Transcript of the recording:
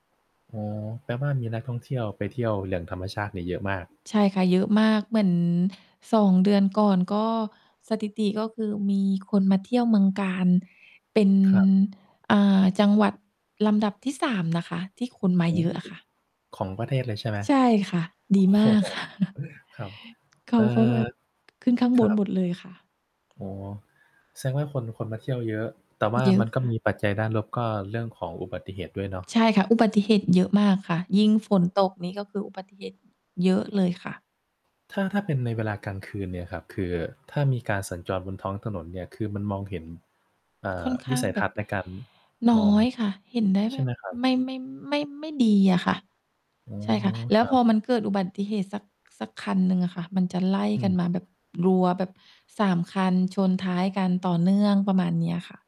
อ๋อ แปลว่ามีนักท่องเที่ยวไปเที่ยว อย่างธรรมชาติเนี่ยเยอะมาก ใช่ค่ะ เยอะมาก เหมือน 2 เดือนก่อน ก็ สถิติ ก็คือมีคนมาเที่ยวเมืองกาญเป็น ครับ อ่า จังหวัดลำดับที่ 3 นะคะ ที่คนมาโอ้ เยอะอะค่ะ ของประเทศเลยใช่ไหม? ใช่ค่ะ โดอ้ีมโฮ าก ค่ะ ครับ เขเอา่อ ก็แบบ ขึ้นข้างคบรันหบ มดเลยค่ะ อ๋อ แสดงว่าคน คนมาเที่ยวเยอะ แต่ว่าเยอมะ ันก็ค่มะ ีปัจจัยด้านลบ ก็เรื่องของอุบัติเหตุด้วยเนาะ ใช่ค่ะ อุบัติเหตุเยอะมากค่ะ ยิ่งฝนตกนี่ ก็คืออุบัติเหตุเยอะเลยค่ะ ถ้า ถ้าเป็นในเวลากลางคืนเนี่ยครับ คือถ้ามีการสัญจรบนท้องถนนเนี่ย คือมันมองเห็น เอ่ค่อ อนขวิ้าสงัยแทบับ ศน์ในการนม้อง อยค่ะ เห็นได้ใชแบ่ไหบ มครับ? ไม่ ไม่ ไม่ ไม่ดีอะค่ะ อ๋อ ใช่ค่ะ แล้ควรัพอบ มันเกิดอุบัติเหตุสัก สักคันหนึ่งอะค่ะ มันจะไล่อืกัม นมาแบบรัวแบบ 3 คันชนท้ายกันต่อเนื่องประมาณนี้อะค่ะ